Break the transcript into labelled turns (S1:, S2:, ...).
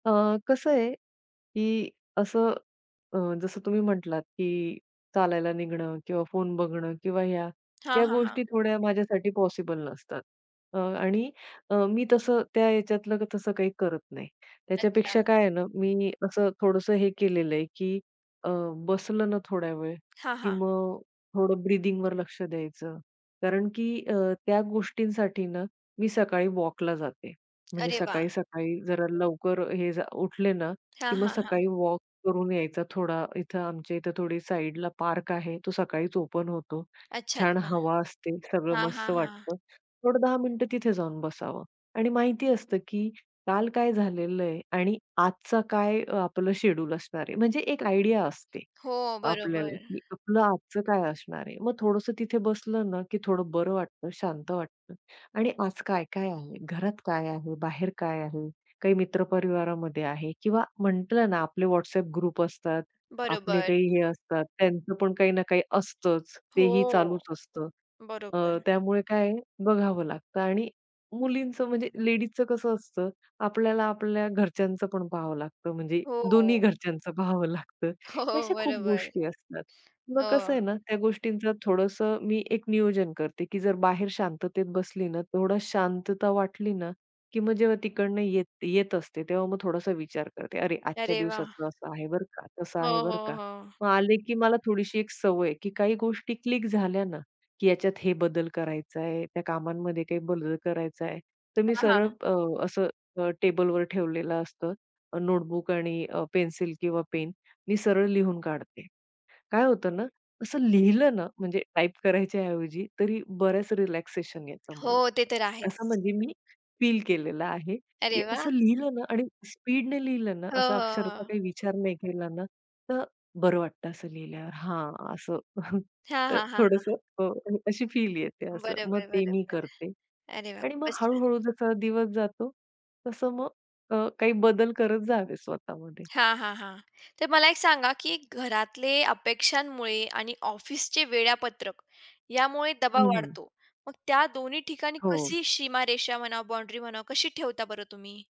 S1: अ, कसं आहे की असं अ, जसं तुम्ही म्हटलात, की चालायला निघणं किंवा फोन बघणं किंवा ह्या,
S2: हां,
S1: ह्या
S2: हां,
S1: गोष्टी
S2: हां.
S1: थोड्या माझ्यासाठी पॉसिबल नसतात. अ, आणि अ, मी तसं त्या ह्याच्यातलं तसं काही करत नाही.
S2: अच्छा.
S1: त्याच्यापेक्षा काय आहे ना, मी असं थोडंसं हे केलेलं आहे की अ, बसलं ना थोड्या वेळ
S2: हां,
S1: की
S2: हां.
S1: मग थोडं ब्रिदिंगवर लक्ष द्यायचं कारण की अ, त्या गोष्टींसाठी ना, मी सकाळी वॉकला जाते, म्हणजे
S2: अरे वाह!
S1: सकाळी-सकाळी जरा लवकर हे, जा उठले ना,
S2: हां,
S1: की मग
S2: हां, हां.
S1: सकाळी वॉक करून यायचा थोडा. इथं आमच्या इथे थोडी साइडला पार्क आहे. तो सकाळीच ओपन होतो.
S2: अच्छा,
S1: छान
S2: अच्छा.
S1: हवा असते, सगळं
S2: हां,
S1: मस्त
S2: हां, हां.
S1: वाटतं. थोडं 10 मिनिटं तिथे जाऊन बसावं आणि माहिती असतं की काल काय झालेलं आहे आणि आजचा काय आपलं शेड्यूल असणार आहे. म्हणजे एक आयडिया असते
S2: हो,
S1: आपल्याला,
S2: बरोबर.
S1: की आपलं आजचं काय असणार आहे. मग थोडसं तिथे बसलं ना, की थोडं बरं वाटतं, शांत वाटतं. आणि आज काय-काय आहे, घरात काय आहे, बाहेर काय आहे? काही मित्र परिवारामध्ये आहे किंवा म्हटलं ना आपले WhatsApp ग्रुप असतात, आपले
S2: बरोबर.
S1: काही हे असतात, त्यांचं पण काही ना काही असतच, तेही
S2: हो.
S1: चालूच असतं. अ,
S2: बरोबर.
S1: त्यामुळे काय बघावं लागतं आणि मुलींचं म्हणजे लेडीजचं कसं असतं, आपल्याला आपल्या घरच्यांचं पण पाहावं लागतं, म्हणजे दोन्ही
S2: हो.
S1: घरच्यांच पाहावं लागतं,
S2: हो,
S1: अशा खूप
S2: बरोबर.
S1: गोष्टी असतात. मग कसं
S2: हो.
S1: आहे ना, त्या गोष्टींच थोडंस मी एक नियोजन करते, की जर बाहेर शांततेत बसली ना, थोडा शांतता वाटली ना, की मग जेव्हा तिकडून येत येत असते, तेव्हा मग थोडासा विचार करते. अरे, आजच्या
S2: अरे वाह!
S1: दिवसाचं असं आहे बरं का, तसं आहे
S2: हो,
S1: बरं
S2: हो,
S1: का.
S2: हो.
S1: मग आले की मला थोडीशी एक सवय आहे, की काही गोष्टी क्लिक झाल्या ना, की ह्याच्यात हे बदल करायचाय, त्या कामांमध्ये काही बदल करायचाय, तर मी
S2: हां,
S1: सरळ
S2: हां.
S1: अ, असं अ, टेबलवर ठेवलेलं असतं, अ, नोटबुक आणि अ, पेन्सिल किंवा पेन. मी सरळ लिहून काढते. काय होतं ना, असं लिहिलं ना, म्हणजे टाइप करायच्याऐवजी तरी बराच रिलॅक्सेशन येतं
S2: हो,
S1: मला.
S2: ते तर
S1: असं
S2: आहेच.
S1: म्हणजे मी फील केलेलं आहे, की
S2: अरे वाह!
S1: असं लिहिलं ना आणि स्पीडने लिहिलं ना,
S2: हं,
S1: असं
S2: हं,
S1: अक्षरचा
S2: हं.
S1: काही विचार नाही केला ना, तर बरं वाटत असं लिहिल्यावर हां, असं.
S2: हां, हां, हां, हां.
S1: थोडसं अ, अशी फील येते असं. मग
S2: बरोबर,
S1: ते मी
S2: बरोबर.
S1: करते
S2: अरे वाह!
S1: आणि मग
S2: खूपच छान.
S1: हळू-हळू जसा दिवस जातो, तसं मग अ, काही बदल करत जावे स्वतःमध्ये.
S2: हां, हां, हां. तर मला एक सांगा, की घरातले अपेक्षांमुळे आणि ऑफिसचे वेळापत्रक यामुळे
S1: हं,
S2: दबाव
S1: हं.
S2: वाढतो. मग त्या दोन्ही ठिकाणी
S1: हो.
S2: कशी सीमारेषा म्हणा, बाउंडरी म्हणा कशी ठेवता बरं तुम्ही?